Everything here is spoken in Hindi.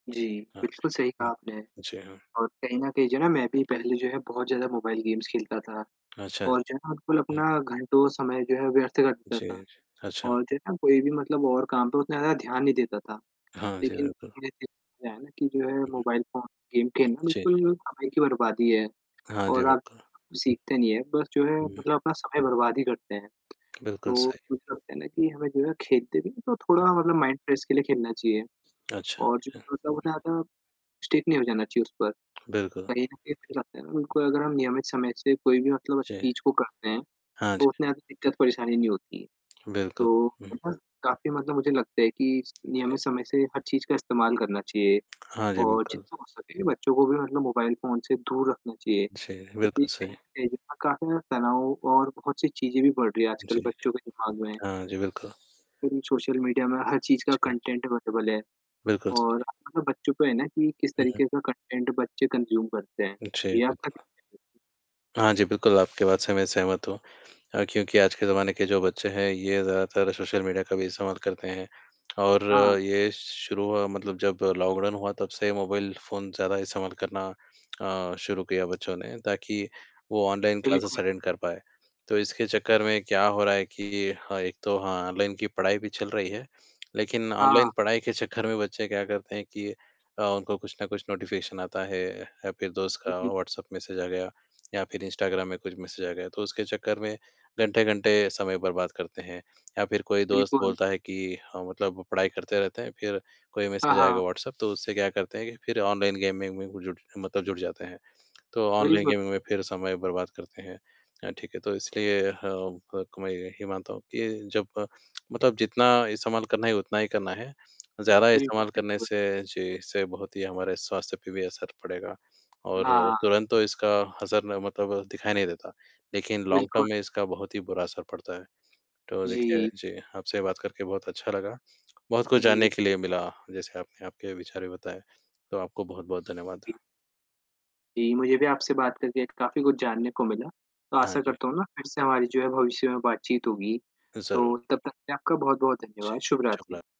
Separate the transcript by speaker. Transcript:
Speaker 1: जी,
Speaker 2: हाँ
Speaker 1: बिल्कुल सही
Speaker 2: जी। हुँ।
Speaker 1: कहा आपने
Speaker 2: जी हाँ।
Speaker 1: और कहीं न कहीं जो है ना मैं भी पहले जो है बहुत ज़्यादा मोबाइल गेम्स खेलता था
Speaker 2: अच्छा,
Speaker 1: और जो है ना बिल्कुल
Speaker 2: जी। हुँ।
Speaker 1: अपना घंटों समय जो है व्यर्थ कर देता
Speaker 2: जी,
Speaker 1: था
Speaker 2: जी। अच्छा।
Speaker 1: और जो है ना कोई भी मतलब और काम पे उतना ज़्यादा ध्यान नहीं देता था,
Speaker 2: हाँ जी,
Speaker 1: लेकिन
Speaker 2: बिल्कुल।
Speaker 1: जैसे [unintelligible] कि जो है
Speaker 2: हुँ, हुँ।
Speaker 1: मोबाइल फ़ोन गेम खेलना
Speaker 2: जी।
Speaker 1: बिल्कुल समय की बर्बादी है
Speaker 2: हाँ जी,
Speaker 1: और आप
Speaker 2: बिल्कुल।
Speaker 1: सीखते नहीं है बस जो है
Speaker 2: हुँ।
Speaker 1: मतलब अपना समय बर्बाद ही करते हैं,
Speaker 2: बिल्कुल
Speaker 1: तो
Speaker 2: सही।
Speaker 1: कुछ लगता है ना कि हमें जो है खेलते भी हैं, तो थोड़ा
Speaker 2: हाँ जी।
Speaker 1: मतलब माइंड फ्रेश के लिए खेलना चाहिए
Speaker 2: अच्छा,
Speaker 1: और जो
Speaker 2: अच्छा।
Speaker 1: बोलता [unintelligible] स्टिक नहीं हो जाना चाहिए उस पर,
Speaker 2: बिल्कुल।
Speaker 1: कहीं न कही खिलाते हैं, उनको अगर हम नियमित समय से कोई भी मतलब
Speaker 2: जी।
Speaker 1: चीज़ को करते हैं,
Speaker 2: हाँ जी।
Speaker 1: तो उसमें हमें दिक्कत-परेशानी नहीं होती है,
Speaker 2: बिल्कुल।
Speaker 1: तो
Speaker 2: हुँ।
Speaker 1: [unintelligible] काफ़ी मतलब मुझे लगता है कि नियमित
Speaker 2: जी।
Speaker 1: समय से हर चीज़ का इस्तेमाल करना चाहिए
Speaker 2: हाँ जी,
Speaker 1: और
Speaker 2: बिल्कुल।
Speaker 1: जितना हो सके बच्चों को भी मतलब मोबाइल फ़ोन से दूर रखना चाहिए,
Speaker 2: जी,
Speaker 1: क्योंकि
Speaker 2: बिल्कुल
Speaker 1: कहीं
Speaker 2: सही।
Speaker 1: न कहीं जो है काफ़ी ज़्यादा तनाव और बहुत सी चीज़ें भी बढ़ रही हैं
Speaker 2: जी।
Speaker 1: आजकल बच्चों के दिमाग में।
Speaker 2: हाँ जी, बिल्कुल।
Speaker 1: क्योंकि सोशल मीडिया में हर चीज़ का
Speaker 2: जी, जी।
Speaker 1: कंटेंट अवेलेबल है
Speaker 2: बिल्कुल सही।
Speaker 1: और [unintelligible] बच्चों पे है ना कि किस
Speaker 2: हुँ, हुँ।
Speaker 1: तरीके का कंटेंट बच्चे कंज्यूम करते हैं।
Speaker 2: जी,
Speaker 1: जी आपका
Speaker 2: बिल्कुल।
Speaker 1: क्या [unintelligible]
Speaker 2: हाँ जी। बिल्कुल, आपकी बात से मैं सहमत हूँ अ, क्योंकि आज के ज़माने के जो बच्चे हैं, ये ज़्यादातर सोशल मीडिया का भी इस्तेमाल करते हैं और
Speaker 1: हाँ।
Speaker 2: ये श शुरू मतलब जब लॉकडाउन हुआ, तब से मोबाइल फ़ोन ज़्यादा इस्तेमाल करना अ, शुरू किया बच्चों ने ताकि वो ऑनलाइन क्लासेस
Speaker 1: बिल्कुल।
Speaker 2: अटेंड कर पाएँ, तो इसके चक्कर में क्या हो रहा है कि हाँ, एक तो हाँ, ऑनलाइन की पढ़ाई भी चल रही है, लेकिन ऑनलाइन
Speaker 1: हाँ।
Speaker 2: पढ़ाई के चक्कर में बच्चे क्या करते हैं कि अ, उनको कुछ ना कुछ नोटिफिकेशन आता है या फिर दोस्त
Speaker 1: जी,
Speaker 2: का
Speaker 1: जी।
Speaker 2: व्हाट्सएप मैसेज आ गया या फिर इंस्टाग्राम में कुछ मैसेज गया, तो उसके चक्कर में, घंटे-घंटे समय बर्बाद करते हैं या फिर कोई दोस्त
Speaker 1: बिल्कुल।
Speaker 2: बोलता है कि अ, मतलब पढ़ाई करते रहते हैं, फिर कोई
Speaker 1: हाँ,
Speaker 2: मैसेज आएगा
Speaker 1: हाँ।
Speaker 2: व्हाट्सएप, तो उससे क्या करते हैं कि फिर ऑनलाइन गेम वेम में जुट मतलब जुट जाते हैं। तो ऑनलाइन
Speaker 1: बिल्कुल।
Speaker 2: गेमिंग में फिर समय बर्बाद करते हैं अ, ठीक है, तो इसलिए हाँ, क कमाई गए ये मानता हूँ कि जब मतलब जितना इस्तेमाल करना ही उतना ही करना है, ज़्यादा
Speaker 1: बिल्कुल,
Speaker 2: इस्तेमाल करने
Speaker 1: बिल्कुल।
Speaker 2: से जी, इससे बहुत ही हमारे स्वास्थ्य पे भी असर पड़ेगा और
Speaker 1: हाँ।
Speaker 2: तुरंत तो इसका असर ना मतलब दिखाई नहीं देता, लेकिन लॉन्ग टर्म
Speaker 1: बिल्कुल।
Speaker 2: में इसका बहुत ही बुरा असर पड़ता है, तो देखिए
Speaker 1: जी।
Speaker 2: जी आपसे बात करके बहुत अच्छा लगा, बहुत कुछ जानने
Speaker 1: जी।
Speaker 2: के लिए मिला, जैसे आपने आपके विचार भी बताए, तो आपको बहुत-बहुत धन्यवाद।
Speaker 1: जी। जी, मुझे भी आपसे बात करके काफ़ी कुछ जानने को मिला, तो
Speaker 2: हाँ
Speaker 1: आशा
Speaker 2: जी।
Speaker 1: करता हूँ ना फिर से हमारी जो है भविष्य में बातचीत होगी,
Speaker 2: ज़रूर।
Speaker 1: तो तब तक के लिए आपका बहुत-बहुत
Speaker 2: जी,
Speaker 1: धन्यवाद, शुभ रात्रि।
Speaker 2: शुभरा